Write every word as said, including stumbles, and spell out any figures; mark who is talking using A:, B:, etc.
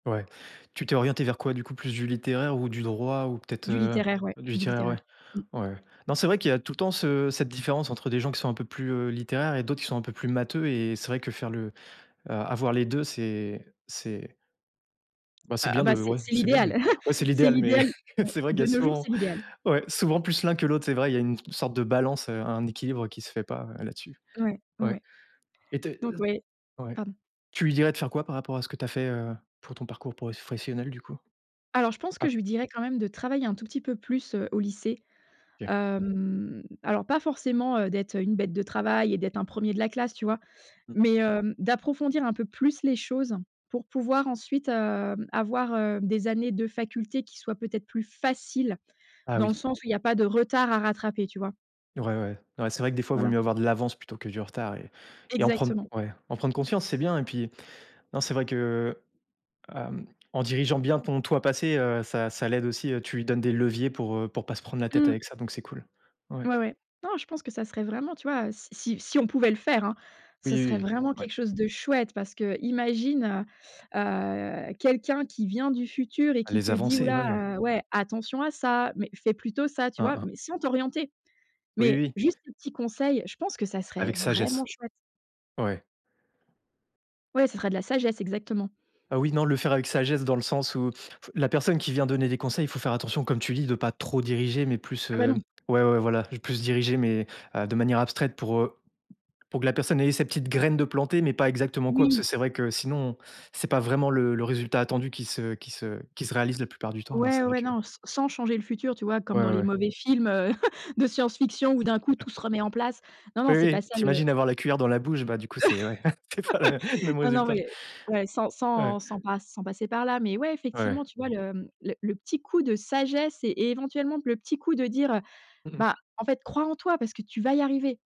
A: Ouais, tu t'es orientée vers quoi, du coup? Plus du littéraire ou du droit ou peut-être,
B: Du
A: heu
B: littéraire, ouais,
A: du
B: du
A: littéraire ouais,
B: littéraire, mmh.
A: ouais. Non c'est vrai qu'il y a tout le temps ce cette différence entre des gens qui sont un peu plus littéraires et d'autres qui sont un peu plus matheux et c'est vrai que faire le, heu, a avoir les deux c'est c'est bah, c'est
B: Heu,
A: bien
B: bah
A: de
B: c'est
A: ouais
B: c'est
A: c'est bien
B: l'idéal.
A: mais ouais c'est
B: C'est
A: l'idéal mais
B: l'idéal, mmh,
A: c'est vrai qu'il y
B: de
A: a
B: nos jours,
A: souvent,
B: c'est l'idéal.
A: ouais souvent plus l'un que l'autre, c'est vrai, il y a une sorte de balance, heu, un équilibre qui se fait pas là-dessus.
B: Ouais,
A: Ouais
B: ouais,
A: et tu es
B: donc ouais
A: ouais.
B: pardon.
A: Tu lui dirais de faire quoi par rapport à ce que tu as fait, heu, pour ton parcours professionnel du coup?
B: Alors je pense que
A: Ap
B: je lui dirais quand même de travailler un tout petit peu plus, heu, au lycée.
A: OK.
B: Hem, alors pas forcément, heu, d'être une bête de travail et d'être un premier de la classe tu vois?
A: Mmh.
B: Mais heu, d'approfondir un peu plus les choses pour pouvoir ensuite, heu, avoir, heu, des années de faculté qui soient, peut-être, plus faciles,
A: Ah
B: dans
A: oui.
B: le sens où il y a pas de retard à rattraper, tu vois?
A: Ouais, ouais, ouais c'est vrai que, des fois, il vaut
B: Voilà.
A: mieux avoir de l'avance plutôt que du retard et et en prendre
B: Exactement.
A: ouais, en prendre conscience c'est bien et puis non c'est vrai que, heu, hem, en dirigeant bien ton toi passé, heu, ça ça l'aide aussi, heu, tu lui donnes des leviers pour, heu, pour pas se prendre la tête
B: Mmh.
A: avec ça donc c'est cool. Ouais.
B: Ouais, ouais, non, je pense que ça serait vraiment, tu vois? Si si si on pouvait le faire, hein,
A: Oui,
B: ce serait
A: oui,
B: vraiment
A: ouais.
B: quelque chose de chouette parce qu'imagine, heu heu, quelqu'un qui vient du futur et
A: Ah
B: qui
A: les
B: te dit: «Ouh
A: avancées, ouais.
B: là, ouais, attention à ça mais fais plutôt ça», tu
A: Hein,
B: vois?
A: hein.
B: Mais sans t'orienter
A: Oui,
B: mais
A: oui.
B: juste un petit conseil. Je pense que ça serait
A: Avec
B: vraiment
A: sagesse.
B: chouette.
A: Ouais.
B: Ouais, ça serait de la sagesse exactement.
A: Ah oui, non, le faire avec sagesse dans le sens où la personne qui vient donner des conseils, faut faire attention, comme tu dis, de pas trop diriger mais plus,
B: Ah bah
A: hem
B: non.
A: ouais, ouais voilà, plus diriger mais heu, de manière abstraite pour, heu, pour que la personne, elle ait sa petite graine de plantée, mais pas exactement quoi, parce que
B: Oui.
A: c'est vrai que sinon c'est pas vraiment le le résultat attendu qui se qui se qui se réalise la plupart du temps, alors
B: Ouais,
A: c'est vrai
B: ouais,
A: que
B: non, s sans changer le futur, tu vois?
A: Ouais,
B: Comme dans
A: ouais,
B: les
A: ouais.
B: mauvais films, heu, de science fiction où
A: S
B: d'un coup,
A: a
B: tout se remet en place. Non, non,
A: Oui,
B: c'est pas
A: oui.
B: ça
A: Tu
B: le
A: imagines avoir la cuillère dans la bouche, bah, du coup c'est ouais, c'est pas la mê même
B: Non, non,
A: résultat.
B: ouais, ouais, sans sans
A: Ouais.
B: sans passe sans passer par là, mais ouais,
A: Ouais.
B: effectivement, tu vois l hem, le le petit coup de sagesse et éventuellement le petit coup de dire, heu:
A: Mmh mh.
B: «Beh, en fait, crois en toi parce que tu vas y arriver».